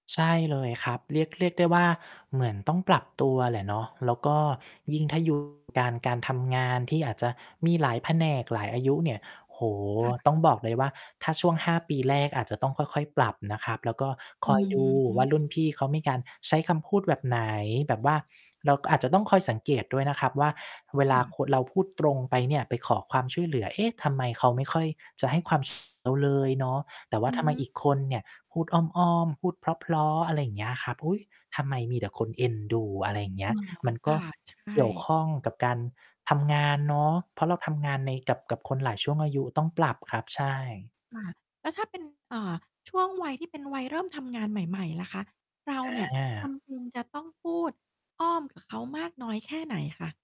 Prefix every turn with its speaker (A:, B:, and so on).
A: ใช่เลยครับ เรียก เรียกได้ว่า เหมือนต้องปรับตัวแหละเนาะ แล้วก็ยิ่งถ้า อยู่ การ การทำงานที่อาจจะมีหลายแผนกหลายอายุเนี่ย โอ้โฮ!
B: ค่ะ
A: ต้องบอกเลยว่า ถ้าช่วง 5 ปีแรกอาจจะต้องค่อย ๆ ปรับนะครับ แล้วก็ ค
B: อ
A: อย ดู
B: ื
A: ว่า รุ่น
B: ม
A: พี่เขามีการใช้คำพูดแบบไหน แบบว่า เราก็อาจจะต้องคอยสังเกตด้วยนะครับว่า เวลาคน เราพูดตรงไปเนี่ย ไปขอความช่วยเหลือ "เอ๊ะ ทำไมเขาไม่ค่อยจะให้ ความ เราเลยเนาะ แต่ว่
B: อ
A: า
B: ื
A: ท
B: อ
A: ำไม
B: ฮึ
A: อีกคนเนี่ยพูดอ้อม ๆ พูดเพราะ ๆ อะไรอย่างเงี้ยครับ อุ๊ย! ทำไมมีแต่คนเอ็นดู" อะไรอย่างเงี
B: อ
A: ้
B: ๋
A: ย
B: อ
A: มัน
B: ค
A: ก
B: ่
A: ็
B: ะ ใช
A: เกี่ยวข
B: ่
A: ้องกับการทำงานเนาะ เพราะเราทำงานในกับ กับคนหลายช่วงอายุต้องปรับครับ ใช่
B: ค่ะ แล้วถ้า เป็น เอ่อ ช่วงวัยที่เป็นวัยเริ่มทำงานใหม่ ๆ ล่ะคะ เรา
A: อ
B: เนี่ย จ
A: า
B: ำเป็นจะต้องพูดอ้อมกับเขามากน้อยแค่ไหนคะ?